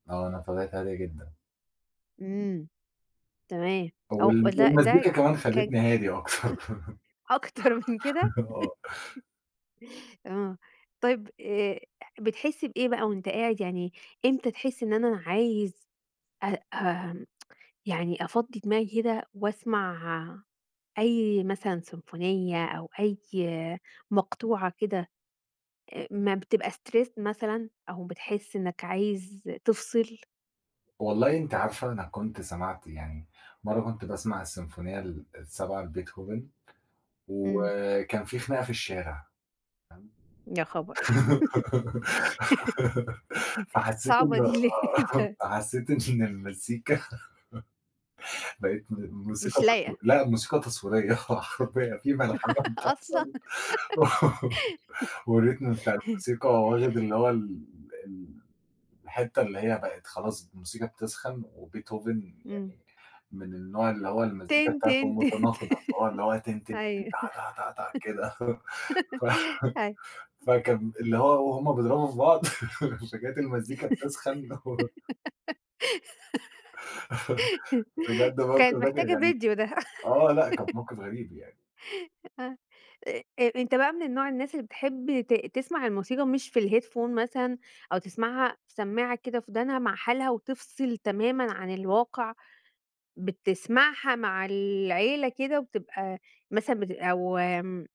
آه، أنا طبيعتي هادية جدًا. امم، تمام، أو وال لا، ده والمزيكا كمان ك خلّتني هادي أكتر أكتر من كده؟ آه. آه، طيب، آآ، بتحس بإيه بقى وأنت قاعد يعني، امتى تحس إن أنا عايز أ أ يعني أفضِّي دماغي كده وأسمع آآ، أي مثلًا سيمفونية أو أي مقطوعة كده، أ لمّا بتبقى stressed مثلًا؟ أو بتحس إنك عايز تفصِل؟ والله أنتِ عارفة أنا كنت سَمَعت يعني، مرّه كنت باسمع السيمفونية ال السابعة لبيتهوفن، امم. وكان فيه خناقة في الشارع، [unintelligible] يا خبر! فحسيت إن صعبة دي آه، [unintelligible] فحسيت إن المزيكا بقِت م مش موسيقى تصوير لايقة. لأ، موسيقى تصويرية، حرفيًا، في ملحمة أصلًا. بتحصل، والrhythm بتاع الموسيقى واخد اللي هو ال الحتة اللي هي بقِت خلاص الموسيقى بتسخن، وبيتهوفن امم. يعني من النوع اللي هو المزيكا تن، بتاعتُه تن، تن، تن، متناقضة، فهو اللي هو تن، تن، تن أيوه، تا، تا، تا كده، ف أيوه. فكان امم. اللي هو وهم بيضربوا في بعض، فكانت المزيكا بتسخن. [unintelligible] بجد الموقف كانت ده كان محتاجة غريب، فيديو ده. آه، لأ، كان موقف غريب يعني. آه، أ أ أنت بقى من نوع الناس اللي بتحب ت تسمع الموسيقى مش في الheadphone مثلًا، أو تسمعها في سمّاعة كده في ودانها مع حالها وتفصِل تمامًا عن الواقع، بتسمعها مع العيلة كده وبتبقى مثلًا بت أو